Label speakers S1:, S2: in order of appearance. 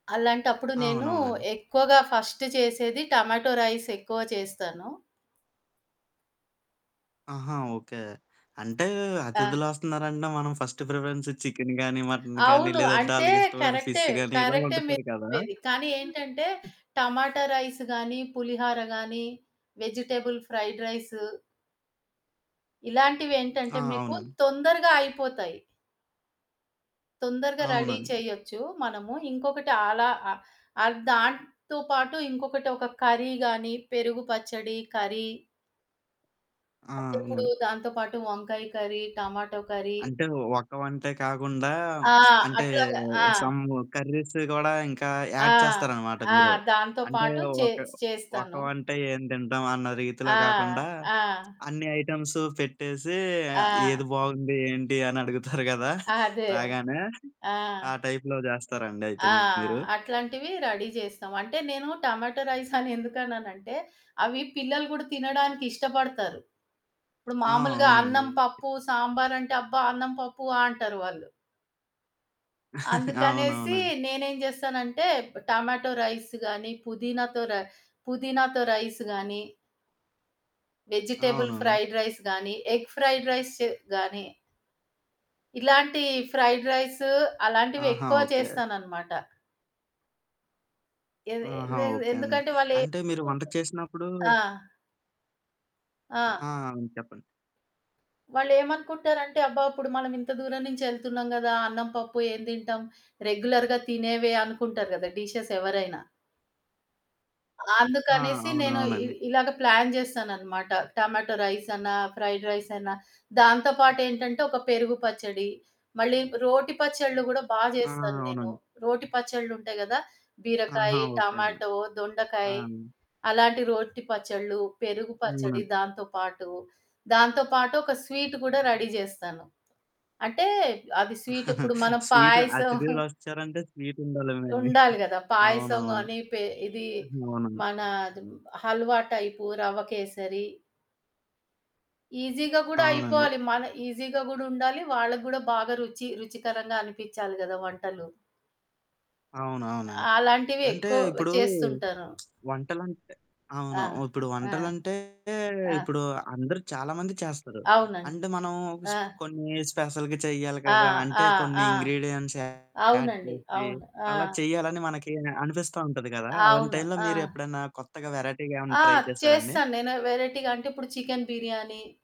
S1: అలాంటప్పుడు నేను
S2: అవునవునండి.
S1: ఎక్కువగా ఫస్ట్ చేసేది టమాటో రైస్ ఎక్కువ చేస్తాను.
S2: ఆహా! ఓకే అంటే
S1: ఆ!
S2: అతిధులొస్తున్నారంటే, మనం ఫస్ట్ ప్రిఫరెన్స్ చికెను కానీ మటను కానీ
S1: అవును
S2: లేదంటే
S1: అంటే
S2: ఆళ్ళకి ఇష్టమైన
S1: కరెక్టే
S2: ఫిష్ కానీ ఇలా
S1: కరెక్టే మీరు
S2: వండుతారు కదా!
S1: చెప్పేది. కానీ ఏంటంటే టమాటా రైస్ గాని, పులిహర గాని వెజిటబుల్ ఫ్రైడ్ రైసు... ఇలాంటివేంటంటే
S2: ఆ!
S1: మీకు
S2: అవునండి.
S1: తొందరగా అయిపోతాయి. తొందరగా రెడీ
S2: అవునండి.
S1: చేయొచ్చు మనము. ఇంకొకటి అలా అ ఆ దాంతో పాటు ఇంకొకటి ఒక కర్రీ గాని పెరుగు పచ్చడి కర్రీ
S2: ఆ!
S1: అంటే ఇప్పుడు
S2: అవును.
S1: దాంతో పాటు వంకాయ కర్రీ, టమాటో కర్రీ.
S2: అంటే ఒక వంటే కాకుండా
S1: ఆ!
S2: అంటే
S1: అట్లాగా ఆ!
S2: సమ్ కర్రీస్ గూడా ఇంకా
S1: ఆ!
S2: యాడ్ చేస్తారనమాట
S1: ఆ!
S2: మీరు.
S1: దాంతో
S2: అంటే
S1: పాటు చే
S2: ఒక, ఒక
S1: చేస్తాను.
S2: వంట ఏం తింటాం అన్న
S1: ఆ!
S2: రీతిలో కాకుండా
S1: ఆ!
S2: అన్ని ఐటెమ్స్ పెట్టేసి,
S1: ఆ!
S2: ఏది బావుంది ఏంటి అని అడుగుతారు గదా!
S1: అదే.
S2: రాగానే. ఆ
S1: ఆ!
S2: టైప్‌లో చేస్తారండి అయితే
S1: ఆ!
S2: మీరు?
S1: అట్లాంటివి రెడీ చేస్తాం. అంటే నేను టమాటో రైస్ అనెందుకన్నానంటే, అవి పిల్లలు కూడా తినడానికి ఇష్టపడతారు. ఇప్పుడు
S2: ఆ!
S1: మాములుగా
S2: అవునండి.
S1: అన్నం, పప్పు, సాంబార్ అంటే అబ్బా! అన్నం పప్పు ఆహ్, అంటారు వాళ్ళు. అందుకనేసి
S2: అవునవును.
S1: నేనేం చేస్తానంటే ప్ టమాటో రైస్ గాని, పుదీనాతో రై పుదీనాతో రైస్ గాని. వెజిటబుల్
S2: అవును.
S1: ఫ్రైడ్ రైస్ గాని ఎగ్ ఫ్రైడ్ రైస్ చే గాని. ఇలాంటి ఫ్రైడ్ రైసు అలాంటివి
S2: ఆహా!
S1: ఎక్కువ
S2: ఓకే.
S1: చేస్తాననమాట. ఎది
S2: ఆహా!
S1: ఎన్
S2: ఓకే అండి.
S1: ఎందుకంటే
S2: అంటే మీరు వంట
S1: వాళ్ళేమనుకుంటారంటే
S2: చేసినప్పుడూ
S1: ఆ! ఆ!
S2: ఆ! అవును చెప్పండి.
S1: వాళ్ళేమనుకుంటారంటే అబ్బా! ఇప్పుడు మనం ఇంత దూరం నుంచి ఎళ్తున్నాం కదా! అన్నం పప్పు ఏం తింటాం. రెగ్యులర్‌గా తినేవే అనుకుంటారు కదా! డిషెస్ ఎవరైనా.
S2: ఆ!
S1: అందుకనేసి నేను ఇ
S2: అవునవునండీ.
S1: ఇలాగ ప్లాన్ చేస్తాననమాట. టమాటో రైస్ అన్నా ఫ్రైడ్ రైస్ అన్నా దాంతో పాటు ఏంటంటే ఒక పెరుగు పచ్చడి. మళ్ళీ రోటి పచ్చళ్ళు కూడా బా
S2: ఆ!
S1: చేస్తాను నేను.
S2: అవునండి.
S1: రోటి పచ్చళ్ళు ఉంటాయి కదా! బీరకాయ,
S2: ఆహా! ఓకే అండి.
S1: టమాటో,
S2: ఆ!
S1: దొండకాయి. అలాంటి రోటి పచ్చడ్లు, పెరుగు పచ్చడి,
S2: అవునండి.
S1: దాంతో పాటు దాంతో పాటు ఒక స్వీటు కూడా రెడీ చేస్తాను. అంటే అది స్వీటు ఇప్పుడు మనం
S2: స్వీటు
S1: పాయసం
S2: అతిథులు వచ్చారంటే, స్వీటుండాలేమో అండి.
S1: ఉండాలి కదా! పాయసం
S2: అవునవును.
S1: గాని పె ఇదీ
S2: అవునండి.
S1: మన హల్వా టైపు రవ్వ కేసరి. ఈజి‌గ కూడా
S2: అవునండి.
S1: అయిపోవాలి. మన ఈజిగా కూడా ఉండాలి. వాళ్ళకి కూడా బాగా రుచి రుచికరంగా అనిపించాలి కదా వంటలు.
S2: అవును అవునండి.
S1: అలాంటివి
S2: అంటే
S1: ఎక్కువ
S2: ఇప్పుడు
S1: చేస్తుంటాను.
S2: వంటలంటే
S1: ఆ!
S2: అవును. ఇప్పుడు
S1: ఆ!
S2: వంటలంటే
S1: ఆ!
S2: ఇప్పుడు అందరూ చాలా మంది చేస్తారు
S1: అవునండి.
S2: అంటే మనం
S1: ఆ!
S2: స్పె కొన్ని స్పెషల్‌గా చెయ్యాలి
S1: ఆ!
S2: కదా! అంటే
S1: ఆ!
S2: కొన్ని
S1: ఆ!
S2: ఇంగ్రీడియెంట్స్ యాడ్
S1: అవునండి
S2: చేసి,
S1: అవును. ఆ!
S2: అలా చేయాలని మనకి అనిపిస్తా ఉంటది కదా! అలాంటి
S1: అవును.
S2: టైమ్‌లో మీరు
S1: ఆ!
S2: ఎప్పుడైనా కొత్తగా వెరైటీగా ఏమన్నా
S1: ఆ!
S2: ట్రై చేసారా అండి?
S1: చేస్తాను నేను వేరైటీగా అంటే ఇప్పుడు చికెన్ బిర్యానీ.